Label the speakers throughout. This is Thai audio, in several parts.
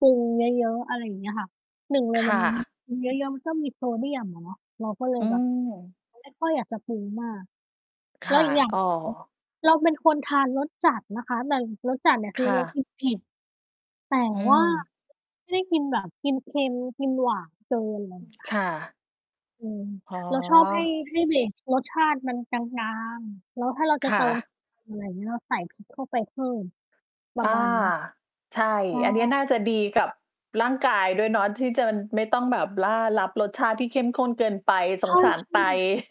Speaker 1: ปรุงเยอะ ๆ อะไรอย่างเงี้ยค่ะ 1 เลย
Speaker 2: ค
Speaker 1: มั
Speaker 2: ่
Speaker 1: น
Speaker 2: ะ
Speaker 1: ปรุง เยอะ ๆ มันก็มีโซเดียมอะเนาะ เราก็เล
Speaker 2: อ
Speaker 1: ย
Speaker 2: ื
Speaker 1: แบบ
Speaker 2: ม
Speaker 1: เลย ไม่ค่อยอยากจะปรุงมาก
Speaker 2: ค
Speaker 1: แล้ว
Speaker 2: ่ะ
Speaker 1: อีกอย่าง
Speaker 2: อ้อ
Speaker 1: เรา เราเป็นคนทานรสจัดนะคะ แต่รสจัดเนี่ยค
Speaker 2: ค
Speaker 1: ือ
Speaker 2: ่
Speaker 1: เรา
Speaker 2: ะ
Speaker 1: กินเผ็ด แต่
Speaker 2: อื
Speaker 1: ว่า
Speaker 2: ม
Speaker 1: ไม่ได้กินแบบกินเค็ม กินหวานเกิน ไร
Speaker 2: อื
Speaker 1: เง
Speaker 2: ม
Speaker 1: ี้ย
Speaker 2: ค
Speaker 1: ค่ะ
Speaker 2: ่ะ
Speaker 1: เออ
Speaker 2: อ๋อ
Speaker 1: เราชอบให้ ให้เบสรสชาติมันกลาง ๆ แล้วถ้าเราจ
Speaker 2: ค
Speaker 1: ะเต
Speaker 2: ่
Speaker 1: ิม
Speaker 2: ะ
Speaker 1: อะไรอย่างเงี้ย เราใส่ พริก เข้าไปเพิ่ม ปร
Speaker 2: อ
Speaker 1: ะ
Speaker 2: า
Speaker 1: มาณเนี้ย
Speaker 2: ใช่
Speaker 1: ใช่
Speaker 2: อันเนี้ยน่าจะดีกับร่างกายด้วยเนาะ ที่เจิน ไม่ต้องแบบล่า รับรสชาติที่เข้มข้นเกินไป
Speaker 1: ใ
Speaker 2: ส
Speaker 1: ช
Speaker 2: ง
Speaker 1: ่
Speaker 2: สารไต
Speaker 1: ๆ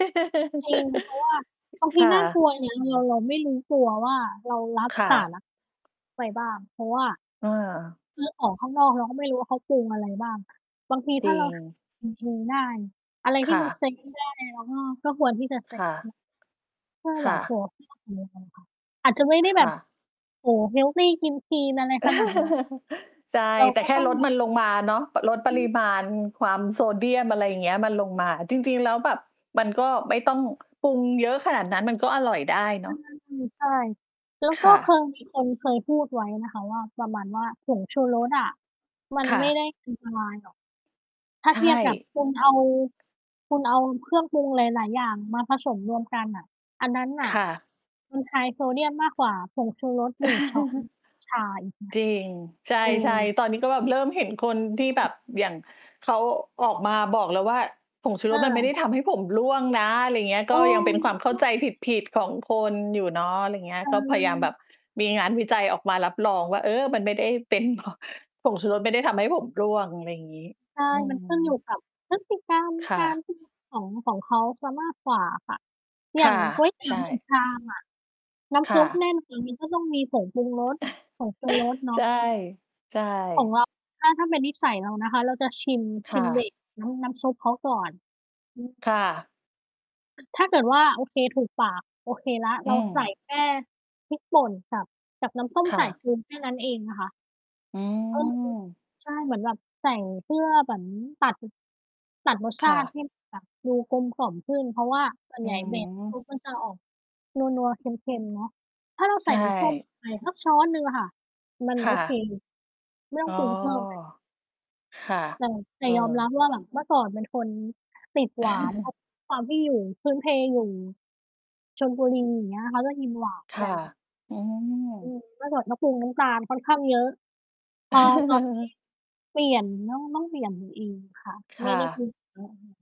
Speaker 1: จริง เพราะว่าบางท
Speaker 2: ค
Speaker 1: ี
Speaker 2: ่
Speaker 1: น่าก
Speaker 2: ะ
Speaker 1: ลัวนะ เรา เราไม่รู้ตัวว่า เรารับ
Speaker 2: ค่
Speaker 1: สา
Speaker 2: ะ
Speaker 1: รัก ไปบ้าง เพราะว่า
Speaker 2: เออ
Speaker 1: คือออกข้างนอก เราก็ไม่รู้ว่าเขาปรุงอะไรบ้าง อะ บางที
Speaker 2: จ
Speaker 1: ถ้
Speaker 2: ร
Speaker 1: า
Speaker 2: ิ
Speaker 1: เรา ท
Speaker 2: ง
Speaker 1: ำกิน เองได้ อะไรท
Speaker 2: ค
Speaker 1: ี่
Speaker 2: ่
Speaker 1: มัน
Speaker 2: ะ
Speaker 1: เซตง่าย ๆ เราก็ ก็ควรที่จะ เซ
Speaker 2: ค
Speaker 1: ต
Speaker 2: ่ะ
Speaker 1: เนาะ ถ้า
Speaker 2: ค
Speaker 1: แบ
Speaker 2: ่
Speaker 1: บ โอ
Speaker 2: ะ
Speaker 1: ้โฮ [unintelligible] เดียวกันค่ะ อาจจะไม่ได้แ
Speaker 2: ค
Speaker 1: บ
Speaker 2: ่
Speaker 1: บ
Speaker 2: ะ
Speaker 1: โอ้โฮ เฮลที กินคลีนอะไรขนาด นั้น
Speaker 2: ใช่
Speaker 1: เรา
Speaker 2: แต่
Speaker 1: ก็
Speaker 2: แค่
Speaker 1: ต้อง
Speaker 2: ลด
Speaker 1: แบบ
Speaker 2: มันลงมาเนาะ ป ลดป
Speaker 1: อื
Speaker 2: ริ
Speaker 1: อ
Speaker 2: มาณความโซเดียม อะไรเงี้ย มันลงมา จริง ๆ แล้วแบบมันก็ไม่ต้องปรุงเยอะขนาดนั้น มันก็อร่อยได้เน
Speaker 1: อ
Speaker 2: าะ
Speaker 1: า ๆ อือ ใช่ แล้ว
Speaker 2: ค
Speaker 1: ก็
Speaker 2: ่
Speaker 1: เค
Speaker 2: ะ
Speaker 1: ย มี คนเคยพูดไว้นะคะว่า ประมาณว่า ผงชูรสอะมัน
Speaker 2: ค่
Speaker 1: ไม่
Speaker 2: ะ
Speaker 1: ได้ อันตรายหรอก ถ้า
Speaker 2: ใช
Speaker 1: เท
Speaker 2: ่
Speaker 1: ียบกับ คุณเอา คุณเอาเครื่องปรุงหลาย ๆ อย่างมาผสมรวมกันน่ะ อันนั้นน่
Speaker 2: ค
Speaker 1: ะ
Speaker 2: ่ะ
Speaker 1: มัน ไฮ โซเดียมมากกว่าผงชูรส 1 ช้อน ชา อีกนะ
Speaker 2: จริง ใช
Speaker 1: เอ
Speaker 2: ่
Speaker 1: อ
Speaker 2: ๆ ตอนนี้ก็แบบเริ่มเห็นคนที่แบ
Speaker 1: อือ
Speaker 2: บ อย่าง เขา ออกมาบอกแล้วว่า ผงชู
Speaker 1: เ
Speaker 2: รสมันไม่ได้
Speaker 1: ออ
Speaker 2: ทำให้ผมร่วงนะ อะไรเงี้ย
Speaker 1: เอ
Speaker 2: ก
Speaker 1: อ
Speaker 2: ็ยังเป็นค
Speaker 1: ม
Speaker 2: ว
Speaker 1: ี
Speaker 2: ามเข
Speaker 1: พ
Speaker 2: ้า
Speaker 1: ว
Speaker 2: ใ
Speaker 1: ก
Speaker 2: จผิด ๆ ของคนอยู่เนาะ ไรเงี้ย
Speaker 1: ใช
Speaker 2: ก็พยายามแบ
Speaker 1: ่
Speaker 2: บมีงานวิจัยออกมารับรองว่า เออ มันไม่ได้เป็น เพราะ ผงชูรสไม่ได้ทำให้ผมร่วง อะไรอย่างงี้
Speaker 1: ใช่
Speaker 2: อื
Speaker 1: มันขึ้นอยู
Speaker 2: ม
Speaker 1: ่กับพฤติกรรม
Speaker 2: ค่
Speaker 1: กา
Speaker 2: ะ
Speaker 1: ร กิน ของ ของเขาเสีย มากกว่าอะค่ะ
Speaker 2: ค
Speaker 1: อย่า
Speaker 2: ่ะ
Speaker 1: ง ก๋วยเตี
Speaker 2: ใ
Speaker 1: ๋
Speaker 2: ช
Speaker 1: ยว หนึ่
Speaker 2: ่
Speaker 1: ง ชามอะ น้
Speaker 2: ค
Speaker 1: ำซ
Speaker 2: ่
Speaker 1: ุปแ
Speaker 2: ะ
Speaker 1: น่น จริง ๆ ก็ ต้องมีผงปรุงรส ผงชูรส เนา
Speaker 2: ใช่
Speaker 1: ะ
Speaker 2: ใช่
Speaker 1: ของเรา ถ้า ถ้าเป็นนิสัยเรานะคะ เราจะชิม ช
Speaker 2: ค
Speaker 1: ิ
Speaker 2: ่
Speaker 1: ม เบ
Speaker 2: ะ
Speaker 1: ส น้ำ น้ำซุปเขาก่อน อือ
Speaker 2: ค่ะ
Speaker 1: ถ้าเกิดว่า โอเค ถูกปาก โอเคแล้ว เ
Speaker 2: อ
Speaker 1: ร
Speaker 2: ื
Speaker 1: า ใส่
Speaker 2: ม
Speaker 1: แค่ พริกป่นกับ กับน้ำส้ม
Speaker 2: ค่
Speaker 1: สาย
Speaker 2: ะ
Speaker 1: ชู แค่นั้นเองนะคะ
Speaker 2: อื
Speaker 1: อือฮึ
Speaker 2: ม
Speaker 1: ใช่ เหมือนแบบใส่เพื่อเหมือนตัด ตัดรสช
Speaker 2: ค่
Speaker 1: าติ ใ
Speaker 2: ะ
Speaker 1: ห้มันแบบ ดูกลมกล่อมขึ้น เพราะว่าส่วน
Speaker 2: อื
Speaker 1: ใหญ่ เบส เข
Speaker 2: ม
Speaker 1: าควรจะออก นัว ๆ เค็ม ๆ เนาะ ถ้าเรา
Speaker 2: ใ
Speaker 1: ใ
Speaker 2: ช
Speaker 1: ส่ น้ำส้มล
Speaker 2: ่
Speaker 1: ง ไปสักช้อนหนึ่งอะค่ะ มัน
Speaker 2: ค
Speaker 1: โอ
Speaker 2: ่
Speaker 1: เค
Speaker 2: ะ
Speaker 1: ไม่ต้
Speaker 2: อ
Speaker 1: อ
Speaker 2: ้
Speaker 1: ง
Speaker 2: อ
Speaker 1: ปรุง เพิ่มเลย
Speaker 2: ค่ะ
Speaker 1: แต่ แต่
Speaker 2: เอ
Speaker 1: ยอมรับ
Speaker 2: อ
Speaker 1: ว่า แบบเมื่อก่อนเป็นคนติดหวาน เพราะความที่อยู่ พื้นเพอยู่ ชลบุรี อย่างเงี้ย เขาจะกินหวาน
Speaker 2: ค
Speaker 1: ก
Speaker 2: ่
Speaker 1: ั
Speaker 2: ะ
Speaker 1: น
Speaker 2: อืม
Speaker 1: อืม เมื่อก่อนก็ปรุงน้ำตาลค่อนข้างเยอะ พอตอน นี้ เปลี่ยน ต้อง ต้องเปลี่ยน ตัวเองค่ะ
Speaker 2: ค
Speaker 1: ไม่
Speaker 2: ่
Speaker 1: ได้ กิ
Speaker 2: ะ
Speaker 1: นเหมือนเดิม